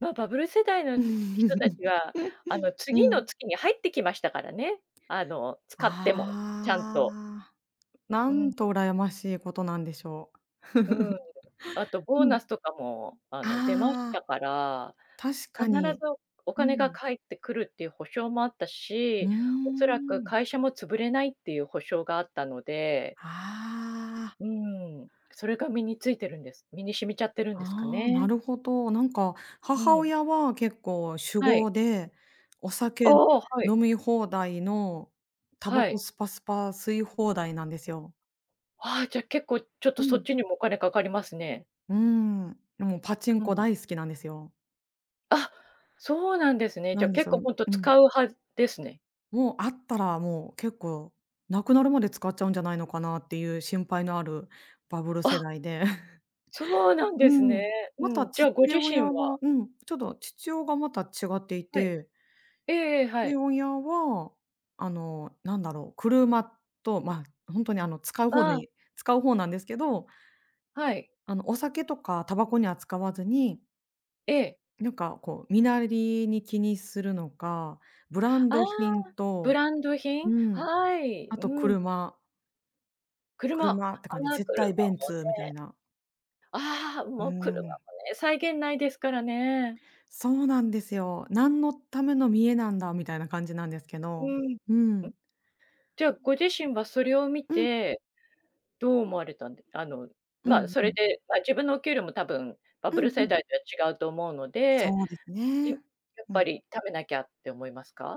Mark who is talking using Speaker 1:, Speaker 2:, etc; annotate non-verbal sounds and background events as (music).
Speaker 1: ま、バブル世代の人たち
Speaker 2: (chuckles)
Speaker 1: は、あの、
Speaker 2: う
Speaker 1: 次の
Speaker 2: ん。
Speaker 1: 月に入ってきましたからね。あの、使っても、ちゃん
Speaker 2: あ
Speaker 1: と。
Speaker 2: あ。な
Speaker 1: う
Speaker 2: ん
Speaker 1: ん。
Speaker 2: と、うらやましいことなんでしょう。
Speaker 1: うん。
Speaker 2: (chuckles)
Speaker 1: あとボー
Speaker 2: うん。
Speaker 1: ナスとかもあの出まし
Speaker 2: あ
Speaker 1: た
Speaker 2: あ。
Speaker 1: から、
Speaker 2: 確か
Speaker 1: 必
Speaker 2: に。
Speaker 1: ずおお
Speaker 2: う
Speaker 1: 金が
Speaker 2: ん。
Speaker 1: 返ってくるっていう保証もあった
Speaker 2: うー
Speaker 1: し、おそらく
Speaker 2: ん。
Speaker 1: 会社も潰れないっていう保証があったので
Speaker 2: ああ。
Speaker 1: うん、それが身についてるんです、身に染みちゃってるんですか
Speaker 2: ああ、な
Speaker 1: ね。
Speaker 2: るほど。なんか、
Speaker 1: う
Speaker 2: 母
Speaker 1: ん。
Speaker 2: 親は結構酒
Speaker 1: はい。
Speaker 2: 豪で、お酒
Speaker 1: おお、はい。
Speaker 2: 飲み放題の、煙
Speaker 1: は
Speaker 2: 草
Speaker 1: い。
Speaker 2: スパスパ吸い放題なんですよ。
Speaker 1: ああ、じゃ結構ちょっと
Speaker 2: う
Speaker 1: そっ
Speaker 2: ん。
Speaker 1: ちにもお金かかりますね。
Speaker 2: うん、で、もうパチン
Speaker 1: う
Speaker 2: コ
Speaker 1: ん。
Speaker 2: 大好きなんですよ。
Speaker 1: あ、そうなんですね。じ
Speaker 2: な
Speaker 1: ゃ、
Speaker 2: んで
Speaker 1: 結
Speaker 2: そ
Speaker 1: 構
Speaker 2: ん
Speaker 1: ほんと、
Speaker 2: うん。
Speaker 1: 使う派ですね。
Speaker 2: もうあったらもう結構無くなるまで使っちゃうんじゃないのかなっていう心配のあるバブル世
Speaker 1: あ。
Speaker 2: 代で。(chuckles)
Speaker 1: そうなん
Speaker 2: う
Speaker 1: ですね。
Speaker 2: ん、
Speaker 1: う
Speaker 2: また
Speaker 1: ん。じゃ、
Speaker 2: 父
Speaker 1: ご自身
Speaker 2: 親
Speaker 1: は
Speaker 2: はうん、ちょっと父親がまた違ってい
Speaker 1: はい。
Speaker 2: て。
Speaker 1: ええええ、は
Speaker 2: 父
Speaker 1: い。
Speaker 2: 親は、あの、なんだろう、車と、ま、ほんとにあの、使う方
Speaker 1: ああ。
Speaker 2: に使う方なんですけど
Speaker 1: はい。
Speaker 2: あの、お酒とかたばこには使わずに
Speaker 1: ええ。
Speaker 2: なんかこう、身なりに気にするのか、ブラン
Speaker 1: ああ、
Speaker 2: ド品
Speaker 1: ブ
Speaker 2: と
Speaker 1: ランド品、
Speaker 2: うん、
Speaker 1: はい、
Speaker 2: あと
Speaker 1: うん。
Speaker 2: 車。
Speaker 1: 車。あ
Speaker 2: 車って感じ、
Speaker 1: あ、
Speaker 2: 絶
Speaker 1: 車
Speaker 2: 対ベン
Speaker 1: もね。
Speaker 2: ツみたいな。
Speaker 1: ああ、
Speaker 2: う
Speaker 1: もう車も
Speaker 2: ん。
Speaker 1: ね、際限ないですからね。
Speaker 2: そうなんですよ。何のための見栄なんだみたいな感じなんですけ
Speaker 1: う
Speaker 2: ど。
Speaker 1: ん、ん。
Speaker 2: うん。
Speaker 1: じゃあご自身はそれを見
Speaker 2: うん。
Speaker 1: て、どう思われたんであの、
Speaker 2: う
Speaker 1: ま、
Speaker 2: ん
Speaker 1: そ
Speaker 2: う
Speaker 1: れ
Speaker 2: ん。
Speaker 1: で、ま、自分のお給料もたぶんバ
Speaker 2: う
Speaker 1: ブ
Speaker 2: ん
Speaker 1: ル
Speaker 2: う
Speaker 1: 世
Speaker 2: ん。
Speaker 1: 代とは違うと思うので。
Speaker 2: そうです
Speaker 1: い
Speaker 2: ね。
Speaker 1: やっ
Speaker 2: う
Speaker 1: ぱ
Speaker 2: ん。
Speaker 1: り貯めなきゃって思いますか？